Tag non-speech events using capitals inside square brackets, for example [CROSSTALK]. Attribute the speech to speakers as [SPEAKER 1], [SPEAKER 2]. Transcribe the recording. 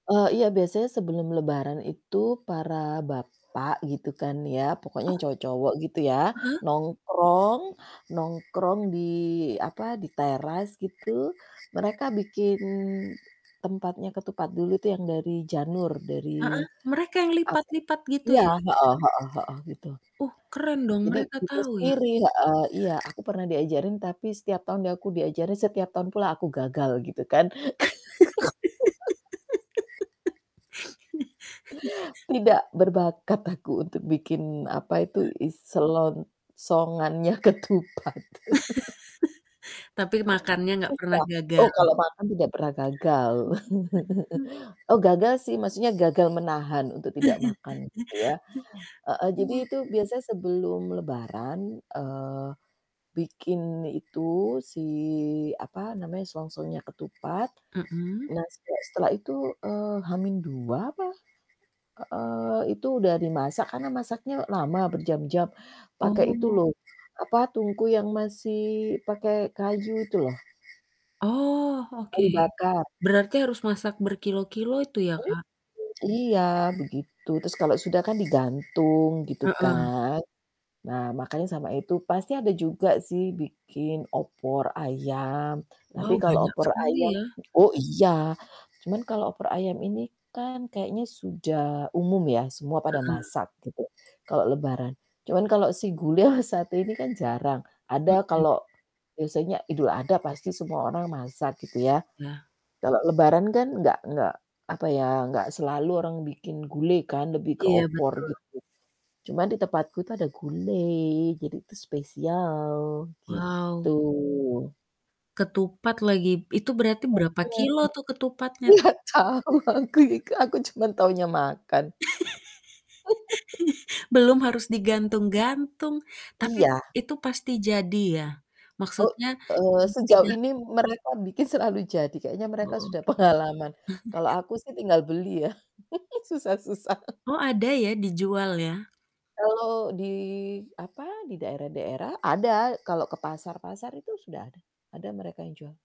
[SPEAKER 1] Eee, iya biasanya sebelum lebaran itu para bapak gitu kan ya, pokoknya
[SPEAKER 2] Oh.
[SPEAKER 1] yang cowok-cowok gitu ya,
[SPEAKER 2] Heeh.
[SPEAKER 1] nongkrong, nongkrong di apa, di teras gitu, mereka bikin tempatnya ketupat dulu tuh yang dari janur, dari
[SPEAKER 2] Heeh, mereka yang
[SPEAKER 1] apa
[SPEAKER 2] lipat-lipat gitu
[SPEAKER 1] iya
[SPEAKER 2] ya?
[SPEAKER 1] heeh heeh heeh gitu.
[SPEAKER 2] Uh, keren dong,
[SPEAKER 1] Jadi
[SPEAKER 2] mereka
[SPEAKER 1] bikin
[SPEAKER 2] tahu ya.
[SPEAKER 1] sendiri, heeh. Iya aku pernah diajarin tapi setiap tahun aku diajarin, setiap tahun pula aku gagal gitu kan. [GIGGLES]
[SPEAKER 2] [LAUGHS]
[SPEAKER 1] Tidak berbakat aku untuk bikin apa itu
[SPEAKER 2] Ah.
[SPEAKER 1] i selongsongannya ketupat. [CHUCKLES]
[SPEAKER 2] [LAUGHS] Tapi makannya nggak pernah
[SPEAKER 1] Susah.
[SPEAKER 2] gagal.
[SPEAKER 1] Oh, kalau makan tidak pernah gagal.
[SPEAKER 2] Mhm, mmm.
[SPEAKER 1] [CHUCKLES] Oh gagal sih maksudnya gagal menahan untuk tidak makan gitu ya.
[SPEAKER 2] [CHUCKLES]
[SPEAKER 1] Heeh, jadi
[SPEAKER 2] Oh.
[SPEAKER 1] itu biasanya sebelum lebaran, eee, bikin itu, si apa namanya, selongsongnya ketupat.
[SPEAKER 2] Mhm.
[SPEAKER 1] Nah sejak setelah itu, eee, H-2 apa heeh, Itu udah dimasak karena masaknya lama, berjam-jam, pakai itu
[SPEAKER 2] Oh.
[SPEAKER 1] loh apa, tungku yang masih pakai kayu itu loh.
[SPEAKER 2] Oh, oke.
[SPEAKER 1] Kayu bakar.
[SPEAKER 2] Berarti harus masak berkilogram-kilogram itu ya
[SPEAKER 1] Mmm,
[SPEAKER 2] Kak.
[SPEAKER 1] iya begitu, terus kalau sudah kan digantung gitu
[SPEAKER 2] Heeh.
[SPEAKER 1] kan. Nah makannya sama itu. Pasti ada juga sih bikin opor ayam, tapi
[SPEAKER 2] Wow,
[SPEAKER 1] kalau
[SPEAKER 2] banyak
[SPEAKER 1] opor ayam
[SPEAKER 2] sekali ya.
[SPEAKER 1] oh iya, cuman kalau opor ayam ini kan kayaknya sudah umum ya, semua pada
[SPEAKER 2] Heeh.
[SPEAKER 1] masak gitu, kalau lebaran. Cuman kalau si gule [CHUCKLES] satu ini kan jarang, ada
[SPEAKER 2] Mhm.
[SPEAKER 1] kalau biasanya Idul Adha pasti semua orang masak gitu ya,
[SPEAKER 2] Lah.
[SPEAKER 1] kalau lebaran kan enggak enggak apa ya, enggak selalu orang bikin gulai kan, lebih ke
[SPEAKER 2] Iya,
[SPEAKER 1] opor
[SPEAKER 2] betul.
[SPEAKER 1] gitu, cuma di tempatku itu ada gulai jadi itu spesial gitu.
[SPEAKER 2] Wow. Ketupat lagi. Itu berarti berapa
[SPEAKER 1] Mhm.
[SPEAKER 2] kilogram tuh ketupatnya?
[SPEAKER 1] Nggak tau aku juga, aku cuman taunya makan.
[SPEAKER 2] [GIGGLES]
[SPEAKER 1] [LAUGHS]
[SPEAKER 2] Belum harus digantung-gantung, tapi it
[SPEAKER 1] Iya.
[SPEAKER 2] itu pasti jadi ya?
[SPEAKER 1] Oh,
[SPEAKER 2] Maksudnya,
[SPEAKER 1] eee,
[SPEAKER 2] mmm,
[SPEAKER 1] sejauh
[SPEAKER 2] tidak
[SPEAKER 1] ini mereka bikin selalu jadi, kayaknya
[SPEAKER 2] Oh,
[SPEAKER 1] mereka
[SPEAKER 2] oke.
[SPEAKER 1] sudah pengalaman, kalau
[SPEAKER 2] [CHUCKLES]
[SPEAKER 1] aku sih tinggal beli ya [CHUCKLES] susah-susah. [CHUCKLES]
[SPEAKER 2] Oh, ada ya dijual ya?
[SPEAKER 1] Kalau di apa, di daerah-daerah ada, kalau ke pasar-pasar itu sudah ada. Ada mereka yang jual.